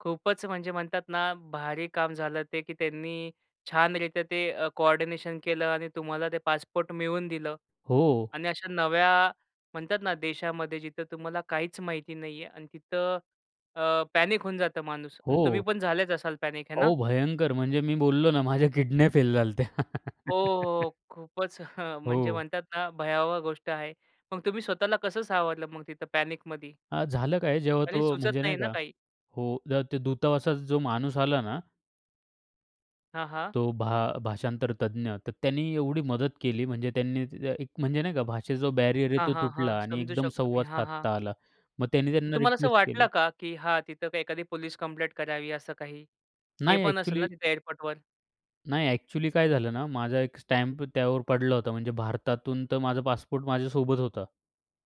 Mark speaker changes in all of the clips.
Speaker 1: खूपच म्हणजे म्हणतात ना, भारी काम झालं ते की त्यांनी छानरित्या ते अ, कोऑर्डिनेशन केलं आणि तुम्हाला ते पासपोर्ट मिळवून दिलं
Speaker 2: हो.
Speaker 1: आणि अशा नव्या म्हणतात ना देशामध्ये जिथं तुम्हाला काहीच माहिती नाहीये अन् तिथं अ, पॅनिक होऊन जातं माणूस अन् तुम्ही
Speaker 2: हो.
Speaker 1: पण झालेच असाल पॅनिक हे ना?
Speaker 2: अहो, भयंकर! म्हणजे मी बोललो ना, माझ्या किडन्या फेल झाल्या होत्या.
Speaker 1: हो, हो, खूपच म्हणजे
Speaker 2: हो.
Speaker 1: म्हणतात ना, भयावह गोष्ट आहे. मग तुम्ही स्वतःला कसं सावरलं मग तिथं पॅनिकमधी?
Speaker 2: अ, झालं काय जेव्हा
Speaker 1: आणि
Speaker 2: तो
Speaker 1: सुचत
Speaker 2: म्हणजे
Speaker 1: नाही
Speaker 2: नाही
Speaker 1: ना
Speaker 2: का
Speaker 1: काही.
Speaker 2: हो, जेव्हा ते दूतावासाचा जो माणूस आला ना
Speaker 1: हां, हां.
Speaker 2: तो भा भाषांतर तज्ञ, तर त्यांनी एवढी मदत केली म्हणजे त्यांनी ते त्या एक म्हणजे नाही का भाषेचा जो बॅरियर आहे
Speaker 1: हां,
Speaker 2: तो
Speaker 1: हां, हां,
Speaker 2: तुटला आणि
Speaker 1: समजू
Speaker 2: एकदम
Speaker 1: शकतो मी.
Speaker 2: संवाद
Speaker 1: हां, हां.
Speaker 2: साधता आला. मग त्यांनी त्यांना
Speaker 1: तुम्हाला असं
Speaker 2: रिक्वेस्ट
Speaker 1: वाटलं
Speaker 2: केली.
Speaker 1: का की हां, तिथं एखादी पोलीस कंप्लेंट करावी असं काही? ते
Speaker 2: नाही.
Speaker 1: पण असेल ना
Speaker 2: अ‍ॅक्चुअली
Speaker 1: तिथं एअरपोर्टवर?
Speaker 2: नाही, अ‍ॅक्चुअली काय झालं ना माझा एक स्टॅम्प त्यावर पडला होता, म्हणजे भारतातून तर माझा पासपोर्ट माझ्यासोबत होता.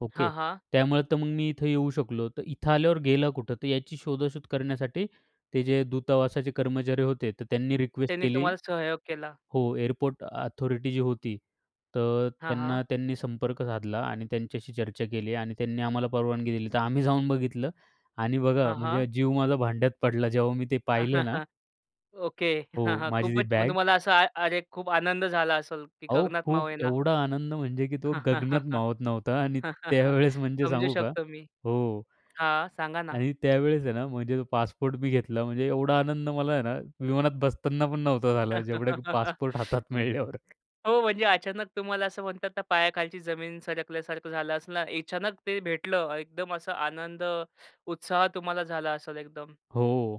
Speaker 2: ओके,
Speaker 1: हां, हां.
Speaker 2: त्यामुळे तर मग मी इथं येऊ शकलो, तर इथं आल्यावर गेला कुठं? तर याची शोधाशोध करण्यासाठी ते जे दूतावासाचे कर्मचारी होते, तर त्यांनी रिक्वेस्ट
Speaker 1: त्यांनी
Speaker 2: केली
Speaker 1: तुम्हाला सहयोग केला.
Speaker 2: हो, एअरपोर्ट अथॉरिटी जी होती, तर
Speaker 1: हां, हां.
Speaker 2: त्यांना त्यांनी संपर्क साधला आणि त्यांच्याशी चर्चा केली आणि त्यांनी आम्हाला परवानगी दिली, तर आम्ही जाऊन बघितलं आणि बघा
Speaker 1: हां, हां.
Speaker 2: म्हणजे, जीव माझा भांड्यात पडला, जेव्हा मी ते पाहिलं ना
Speaker 1: ओके. हां,
Speaker 2: हो,
Speaker 1: हां,
Speaker 2: माझी ती
Speaker 1: खूपच मग
Speaker 2: बॅग.
Speaker 1: तुम्हाला असा अ अरे, खूप आनंद झाला असेल की
Speaker 2: अहो,
Speaker 1: गगनात
Speaker 2: खूप
Speaker 1: मावेना.
Speaker 2: एवढा आनंद म्हणजे की तो गगनात मावत नव्हता आणि त्यावेळेस म्हणजे
Speaker 1: समजू
Speaker 2: सांगू का
Speaker 1: शकतो मी.
Speaker 2: हो.
Speaker 1: हां, सांगा ना.
Speaker 2: आणि त्यावेळेस आहे ना, म्हणजे तो पासपोर्ट मी घेतला म्हणजे एवढा आनंद मला आहे ना, विमानात बसताना पण नव्हता झाला, जेवढं की पासपोर्ट हातात मिळल्यावर.
Speaker 1: हो, म्हणजे अचानक तुम्हाला असं म्हणतात ना पायाखालची जमीन सरकल्यासारखं झालं असणार, अचानक ते भेटलं एकदम असा आनंद, उत्साह तुम्हाला झाला असेल एकदम.
Speaker 2: हो.